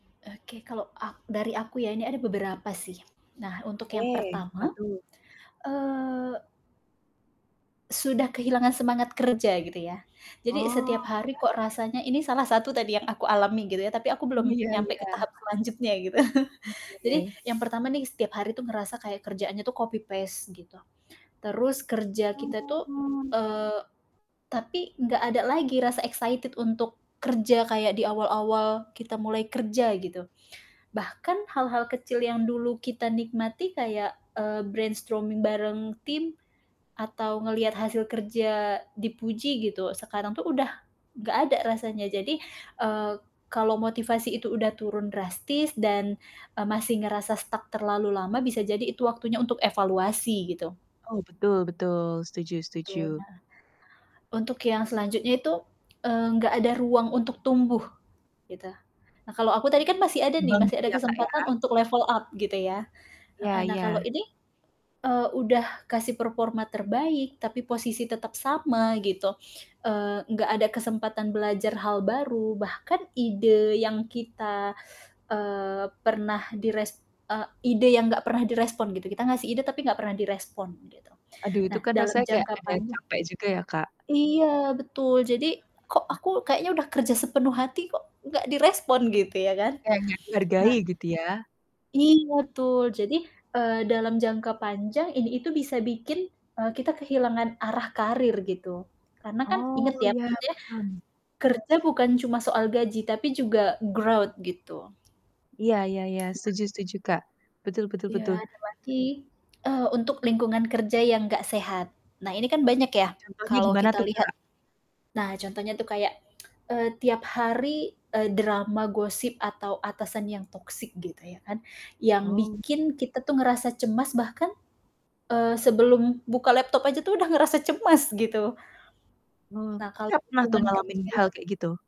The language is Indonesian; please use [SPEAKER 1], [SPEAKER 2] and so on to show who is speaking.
[SPEAKER 1] Oke, kalau ak dari aku ya ini ada beberapa sih. Nah, untuk yang
[SPEAKER 2] Oke, apa
[SPEAKER 1] pertama,
[SPEAKER 2] tuh?
[SPEAKER 1] eee sudah kehilangan semangat kerja gitu ya. Jadi
[SPEAKER 2] Oh,
[SPEAKER 1] setiap hari kok
[SPEAKER 2] ya.
[SPEAKER 1] rasanya ini salah satu tadi yang aku alami gitu ya, tapi aku
[SPEAKER 2] Oh,
[SPEAKER 1] belum
[SPEAKER 2] ya
[SPEAKER 1] nyampe ke
[SPEAKER 2] ya.
[SPEAKER 1] tahap selanjutnya gitu. Jadi,
[SPEAKER 2] Oke.
[SPEAKER 1] yang pertama nih setiap hari tuh ngerasa kayak kerjaannya tuh copy-paste gitu. Terus, kerja kita tuh
[SPEAKER 2] Oh.
[SPEAKER 1] eee, tapi nggak ada lagi rasa excited untuk kerja kayak di awal-awal kita mulai kerja, gitu. Bahkan hal-hal kecil yang dulu kita nikmati kayak, eee, brainstorming bareng tim, atau ngelihat hasil kerja dipuji, gitu, sekarang tuh udah nggak ada rasanya, jadi, eee, kalau motivasi itu udah turun drastis dan, eee, masih ngerasa stuck terlalu lama bisa jadi itu waktunya untuk evaluasi, gitu.
[SPEAKER 2] Oh, betul betul, setuju
[SPEAKER 1] Tuh,
[SPEAKER 2] setuju
[SPEAKER 1] nah. Untuk yang selanjutnya itu, eee, enggak ada ruang untuk tumbuh, gitu. A kalau aku tadi kan
[SPEAKER 2] Nggak
[SPEAKER 1] masih ada nih,
[SPEAKER 2] berkembang
[SPEAKER 1] masih
[SPEAKER 2] gitu
[SPEAKER 1] ada
[SPEAKER 2] ya, Kak, ya.
[SPEAKER 1] kesempatan untuk level up gitu ya.
[SPEAKER 2] Iya
[SPEAKER 1] Heeh, nah kalau
[SPEAKER 2] iya.
[SPEAKER 1] ini, eee, udah kasih performa terbaik tapi posisi tetap sama gitu, eee, enggak ada kesempatan belajar hal baru, bahkan ide yang kita eee, pernah dires eee, ide yang enggak pernah direspon gitu, kita ngasih ide tapi enggak pernah direspon, gitu.
[SPEAKER 2] Aduh, itu
[SPEAKER 1] Nah,
[SPEAKER 2] kan
[SPEAKER 1] dalam
[SPEAKER 2] rasanya kayak
[SPEAKER 1] jangka
[SPEAKER 2] ada yang
[SPEAKER 1] panjang
[SPEAKER 2] capek juga ya Kak?
[SPEAKER 1] Iya, betul jadi, "Kok
[SPEAKER 2] Heeh heeh.
[SPEAKER 1] aku kayaknya udah kerja sepenuh hati, kok nggak direspon?" Gitu ya kan.
[SPEAKER 2] Kayak nggak
[SPEAKER 1] Nah
[SPEAKER 2] dihargai gitu ya.
[SPEAKER 1] ih, betul jadi, eee, dalam jangka panjang ini itu bisa bikin, eee, kita kehilangan arah karir, gitu. Karena kan,
[SPEAKER 2] Oh,
[SPEAKER 1] inget ya,
[SPEAKER 2] iya, paham.
[SPEAKER 1] maksudnya, kerja bukan cuma soal gaji tapi juga growth gitu.
[SPEAKER 2] Iya iya iya,
[SPEAKER 1] Nah.
[SPEAKER 2] setuju setuju, Kak, betul betul
[SPEAKER 1] Iya,
[SPEAKER 2] betul.
[SPEAKER 1] ada baki eh, untuk lingkungan kerja yang enggak sehat. Nah, ini kan banyak ya,
[SPEAKER 2] Contohnya
[SPEAKER 1] kalau
[SPEAKER 2] gimana
[SPEAKER 1] kita
[SPEAKER 2] tuh,
[SPEAKER 1] lihat
[SPEAKER 2] Kak?
[SPEAKER 1] nah contohnya tuh kayak, eee, tiap hari, eee, drama gosip atau atasan yang toksik gitu ya kan, yang
[SPEAKER 2] Oh.
[SPEAKER 1] bikin kita tuh ngerasa cemas bahkan, eee, sebelum buka laptop aja tuh udah ngerasa cemas, gitu.
[SPEAKER 2] Oh,
[SPEAKER 1] Nah, kalau
[SPEAKER 2] Kakak, pernah tuh
[SPEAKER 1] lingkungan
[SPEAKER 2] ngalamin
[SPEAKER 1] kerjanya
[SPEAKER 2] hal kayak gitu?